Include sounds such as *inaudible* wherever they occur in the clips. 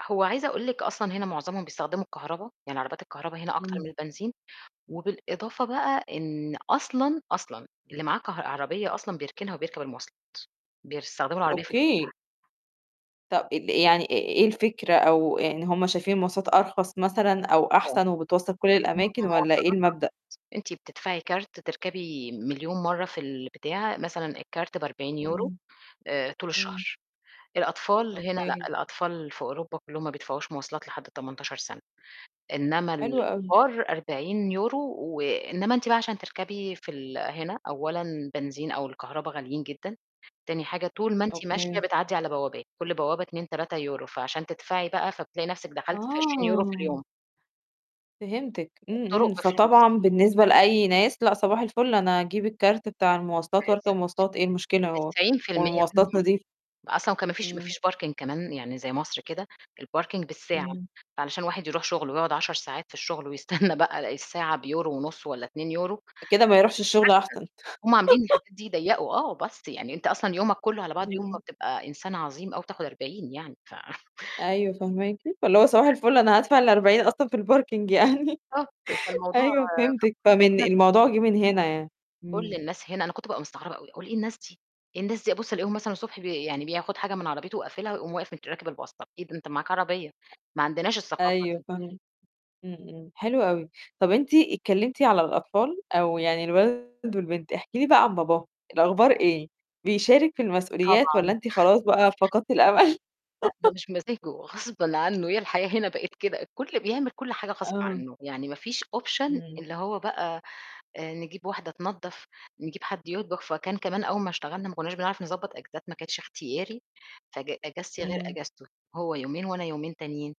هو عايزة أقول لِك أصلًا هنا معظمهم بيستخدموا الكهربا، يعني عربيات الكهربا هنا أكتر إمم. من البنزين وبالإضافة بقى إن أصلًا، أصلًا اللي معاه كه عربية أصلًا بيركنها وبيركب المواصلات، بيستخدموا العربية في الفُسح. أوكي طَب ال يعني إيه إيه الفكرة أو يعني هم شايفين المواصلات أرخص مثلًا أو آه. أحسن وبتوصّل كل الم الأماكن والّا إيه المواصلات المبدأ؟ أرخص، أنتِ بتدفعي كارت تركبي مليون مرّة في البتاعه مثلًا الكارت ب40€ إمم. آآ، طول إمم. الشهر الأطفال هنا لأ، أوكي. الأطفال في أوروبا كلّهم ما بيدفعوش مواصلات لحد 18 سَنة، إنّما حلو أوي. الكبار 40 يورو و إنّما أنتِ بقى عشان تركبي في ال هنا أولًا بنزين أو الكهربا غاليين جدًا، تاني حاجة طول ما أنتِ ماشية أوكي. بتعدّي على بوابات، كل بوابة 2،3€ فعشان تدفعي بقى فبتلاقي نَفْسِك دخلتِ في 20€ في آه. اليوم. فهمتِك إمم، الطُرق إمم، بفلوس. فطبعًا بالنسبة لأي ناس لأ صباح الفل أنا هاجيب الكارت بتاع المواصلات وأركب بالضبط. مواصلات إيه المشكلة هو 90% والمواصلات منهم نضيفة. أصلًا وكان ما فيش ما إمم. فيش parking كمان يعني زَي مصر كده، الparking بالساعة، إمم. فعلشان الواحد يروح شُغله ويقعُد 10 ساعات في الشُغل ويستنّى بقى الساعة بيورو ونُص والّا 2€ ده كده ما يروحش الشُغل *unintelligible* أحسن. هُم عاملين *laughs* الحاجات دي يضيّقوا آه، bus يعني أنت أصلًا يومك كلّه على بعضه يوم ما إمم. بتبقى إنسان عظيم أوي بتاخُد 40 يعني ف أيوه، فهماكِ فاللي هو صباح *unintelligible* الفل أنا هادفع ال40 أصلًا في الparking يعني، آه، بتل فالموضوع أيوه، فهمتِك فمن *unintelligible* الموضوع جِه من هنا يعني، كُلّ إمم. الناس هنا أنا كنت بقى مستغربة أوي، أقول إيه الناس دي إيه الناس دي أبُص ألاقيهم مثلًا الصبح بي يعني بياخُد حاجة من عربيته وقافلها ويقوم واقف مت راكب الbus طَب إيه ده ده أنت معاك عربية ما عندناش الثقافة أيوه دي. فاهمة. إمم، إمم، حلو أوي. طَب أنتِ اتكلّمتِ على الأطفال أو يعني الولد والبنت، احكي لي بقى عن باباهم، الأخبار إيه؟ بيشارِك في المسؤوليات والّا طبعًا. أنتِ خلاص بقى فقدتِ الأمل؟ لأ، ده *laughs* مش بمزاجه غصبًا عنّه، هي الحياة هنا بقت كده. الكل بيعمل كل حاجة غصب آه. عنّه يعني ما فيش option إمم. اللي هو بقى آآ، نجيب واحدة تنضّف، نجيب حد يطبخ، فكان كمان أول ما اشتغلنا ما كنّاش بنعرف نضبّط إجازات ما كانش إختياري فج إجازتي غير إمم. إجازته هو يومين وأنا يومين تانيين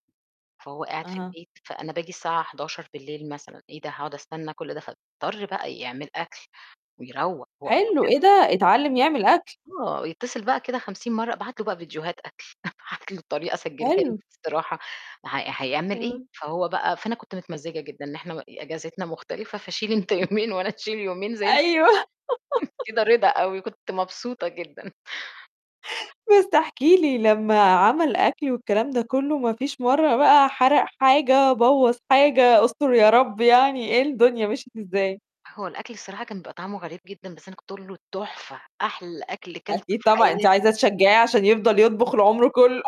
فهو قاعد في أها. البيت، فأنا بآجي الساعة 23:00 بالليل مثلًا إيه ده هاقعُد أستنّى كل ده فيضطر بقى يعمل أكل ويروّق. حلو *unintelligible* إيه ده؟! أتعلّم يعمل أكل. آه، يتصل بقى كده 50 مرّة، أبعت له بقى فيديوهات أكل، أبعت له الطريقة أسجّلها له حلو. بصراحة هي هيعمل إيه، آه. فهو بقى فأنا كنت متمزّجة جدًا إحنا م إجازتنا مختلفة فشيل أنت يومين وأنا أشيل يومين زَي الفل. أيوه. *laughs* كده رضا أوي كنت مبسوطة جدًا. بس احكي لي، لمّا عمل أكل والكلام ده كلّه ما فيش مرّة بقى حَرق حاجة، بوّظ حاجة أستُر يا رب يعني، إيه الدنيا مشيت إزاي؟ هو الأكل الصراحة كان بيبقى طعمه غريب جدًا، بس أنا كنت أقول له: "تحفة أحلى أكل كلته أكيد في طبعًا، أنتِ حياتي." عايزة تشجّعيه عشان يفضل يطبخ العُمر كلّه.